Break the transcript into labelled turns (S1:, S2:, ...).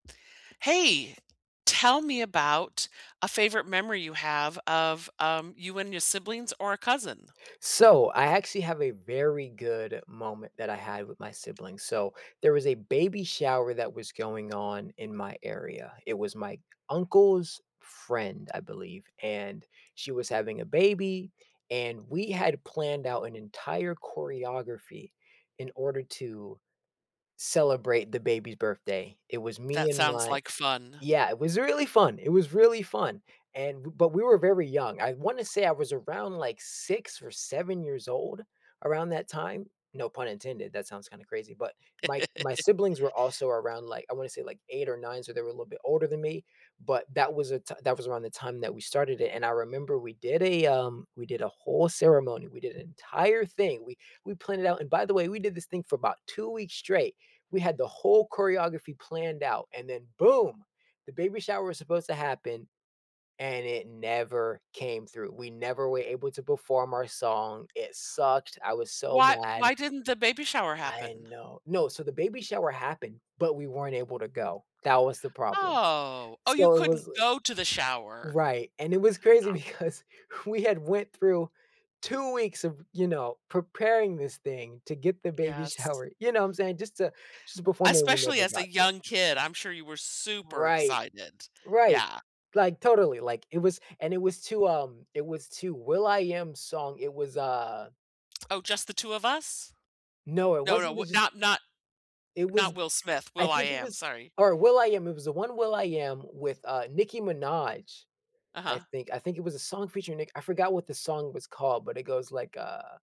S1: Hey! Tell me about a favorite memory you have of, um, you and your siblings or a cousin.
S2: So, I actually have a very good moment that I had with my siblings, so, there was a baby shower that was going on in my area. It was my uncle's friend, I believe, and she was having a baby and we had planned out an entire choreography in order to celebrate the baby's birthday. It was me
S1: That
S2: and
S1: sounds
S2: my
S1: like fun.
S2: Yeah, it was really fun, it was really fun, and b but we were very young. I wanna say I was around, like, 6 or 7 years old around that time. No pun intended, that sounds kinda crazy, but my my siblings were also around, like, I wanna say like 8 or 9, so, they were a little bit older than me, but that was a t that was around the time that we started it, and I remember we did a, um we did a whole ceremony, we did an entire thing. We we planned it out, and by the way, we did this thing for about 2 weeks straight. We had the whole choreography planned out and then boom, the baby shower was supposed to happen, and it never came through, we never were able to perform our song, it sucked, I was so
S1: Why
S2: mad.
S1: why didn't the baby shower
S2: I
S1: happen?
S2: know No, so, the baby shower happened, but we weren't able to go, that was the problem.
S1: Oh. Oh, you
S2: So it was,
S1: couldn't
S2: like
S1: go to the shower.
S2: right, and it was crazy
S1: Oh.
S2: because we had went through 2 weeks of, you know, preparing this thing to get the baby
S1: Yes.
S2: shower, you know what I'm sayin'? Just to just to perform it when we
S1: Especially
S2: never
S1: as a
S2: got to.
S1: young kid, I'm sure you were super
S2: Right.
S1: excited.
S2: Right.
S1: Yeah.
S2: Like, totally, like it was and it was to, um it was to will.i.am song, it was, uh
S1: Oh, "Just the two of us?"
S2: No, it
S1: No, no,
S2: wasn't the
S1: w
S2: just
S1: not not
S2: It was
S1: not Will Smith,
S2: I think it
S1: will.I.am,
S2: was
S1: sorry.
S2: or will.i.am, it was the one will.i.am with, uh, Nicki Minaj, I
S1: Uh-huh.
S2: think. I think it was a song featuring Nick I forgot what the song was called, but it goes like, uh